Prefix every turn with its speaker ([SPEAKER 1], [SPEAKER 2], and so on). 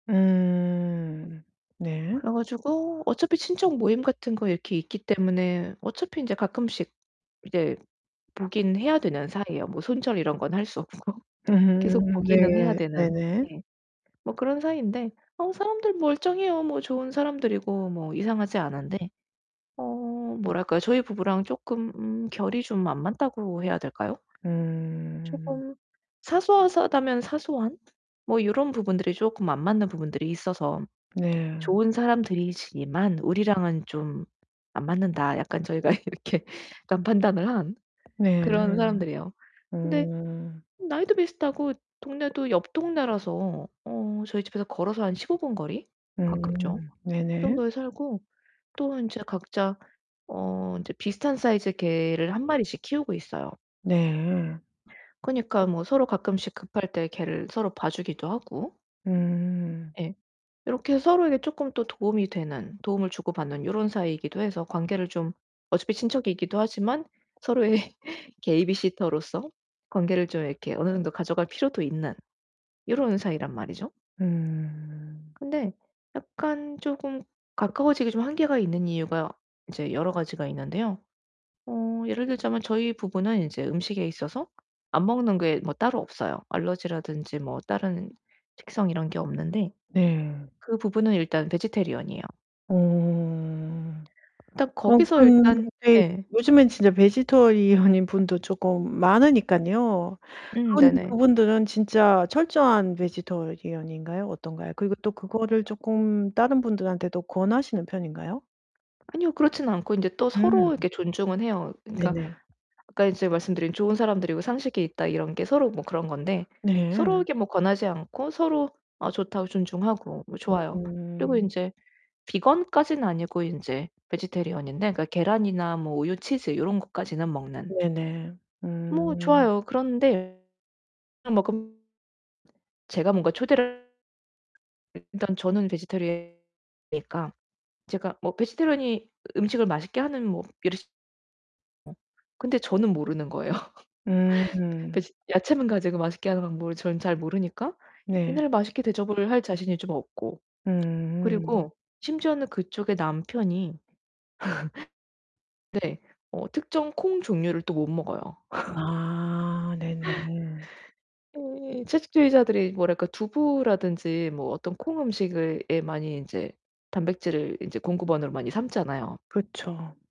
[SPEAKER 1] 음. 네.
[SPEAKER 2] 그래 가지고 어차피 친척 모임 같은 거 이렇게 있기 때문에 어차피 인제 가끔씩 이제 보긴 해야 되는 사이에요. 뭐 손절 이런 건 할 수 없고. 계속
[SPEAKER 1] 음
[SPEAKER 2] 보기는 해야
[SPEAKER 1] 네
[SPEAKER 2] 되는.
[SPEAKER 1] 네네.
[SPEAKER 2] 예. 뭐 그런 사이인데. 어 사람들 멀쩡해요 뭐 좋은 사람들이고 뭐 이상하지 않은데. 어 뭐랄까요? 저희 부부랑 쪼끔 음 결이 좀 안 맞다고 해야 될까요?
[SPEAKER 1] 음.
[SPEAKER 2] 쪼금 사소하다면 사소한? 뭐 요런 부분들이 쪼끔 안 맞는 부분들이 있어서
[SPEAKER 1] 네.
[SPEAKER 2] '좋은 사람들이지만 우리랑은 좀 안 맞는다.' 약간 저희가 이렇게 일단 판단을 한
[SPEAKER 1] 네.
[SPEAKER 2] 그런 사람들이에요. 근데
[SPEAKER 1] 어.
[SPEAKER 2] 나이도 비슷하고 동네도 옆 동네라서 어 저희 집에서 걸어서 한 15 분 거리? 가깝죠.
[SPEAKER 1] 음
[SPEAKER 2] 그
[SPEAKER 1] 네네.
[SPEAKER 2] 정도에 살고 또 인제 각자 어 이제 비슷한 사이즈의 개를 1 마리씩 키우고 있어요.
[SPEAKER 1] 네.
[SPEAKER 2] 그니까 뭐 서로 가끔씩 급할 때 개를 서로 봐 주기도 하고
[SPEAKER 1] 음.
[SPEAKER 2] 예. 요렇게 서로에게 쪼끔 또 도움이 되는 도움을 주고 받는 요런 사이이기도 해서 관계를 좀 어차피 친척이기도 하지만 서로의 베이비시터로서 관계를 좀 이렇게 어느 정도 가져갈 필요도 있는 요런 사이란 말이죠.
[SPEAKER 1] 음.
[SPEAKER 2] 근데 약간 쪼금 가까워지기 좀 한계가 있는 이유가 이제 여러 가지가 있는데요. 어 예를 들자면 저희 부부는 이제 음식에 있어서 안 먹는 게 뭐 따로 없어요. 알러지라든지 뭐 다른 식성 이런 게 없는데.
[SPEAKER 1] 네.
[SPEAKER 2] 그 부부는 일단 베지테리언 이에요.
[SPEAKER 1] 어.
[SPEAKER 2] 일단
[SPEAKER 1] 어
[SPEAKER 2] 거기서 일단
[SPEAKER 1] 근데
[SPEAKER 2] 예.
[SPEAKER 1] 요즘엔 진짜 베지테리언인 분도 쪼끔 많으니깐요.
[SPEAKER 2] 음,
[SPEAKER 1] 그런데
[SPEAKER 2] 네네.
[SPEAKER 1] 그분들은 진짜 철저한 베지테리언 인가요? 어떤가요? 그리고 또 그거를 쪼끔 다른 분들한테 또 권하시는 편인가요?
[SPEAKER 2] 아니요. 그렇진 않고 인제 또
[SPEAKER 1] 음.
[SPEAKER 2] 서로 이렇게 존중은 해요. 그러니까
[SPEAKER 1] 네네.
[SPEAKER 2] 아까 인제 말씀드린 '좋은 사람들이고 상식이 있다.' 이런 게 서로 뭐 그런 건데
[SPEAKER 1] 네.
[SPEAKER 2] 서로에게 뭐 권하지 않고 서로 어 좋다고 존중하고 뭐 좋아요. 그리고
[SPEAKER 1] 음.
[SPEAKER 2] 인제 비건까지는 아니고 인제 베지테리언 인데 계란이나 뭐 우유, 치즈 요런 것까지는 먹는.
[SPEAKER 1] 네네.
[SPEAKER 2] 뭐
[SPEAKER 1] 음.
[SPEAKER 2] 좋아요. 그런데 [unintelligible] 제가 뭔가 초대를 일단 저는 베지테리언이니까 제가 뭐 베지테리언이 음식을 맛있게 하는 뭐 [unintelligible] 근데 저는 모르는 거예요. 베
[SPEAKER 1] 음.
[SPEAKER 2] 베지 야채만 가지고 맛있게 하는 방법을 저는 잘 모르니까
[SPEAKER 1] 네.
[SPEAKER 2] 얘네를 맛있게 대접을 할 자신이 좀 없고
[SPEAKER 1] 음음.
[SPEAKER 2] 그리고 심지어는 그쪽의 남편이 네 어 특정 콩 종류를 또 못 먹어요.
[SPEAKER 1] 아 네네.
[SPEAKER 2] 예 채식주의자들이 뭐랄까 두부라든지 뭐 어떤 콩 음식을 예 많이 인제 단백질을 인제 공급원으로 많이 삼잖아요.
[SPEAKER 1] 그쵸.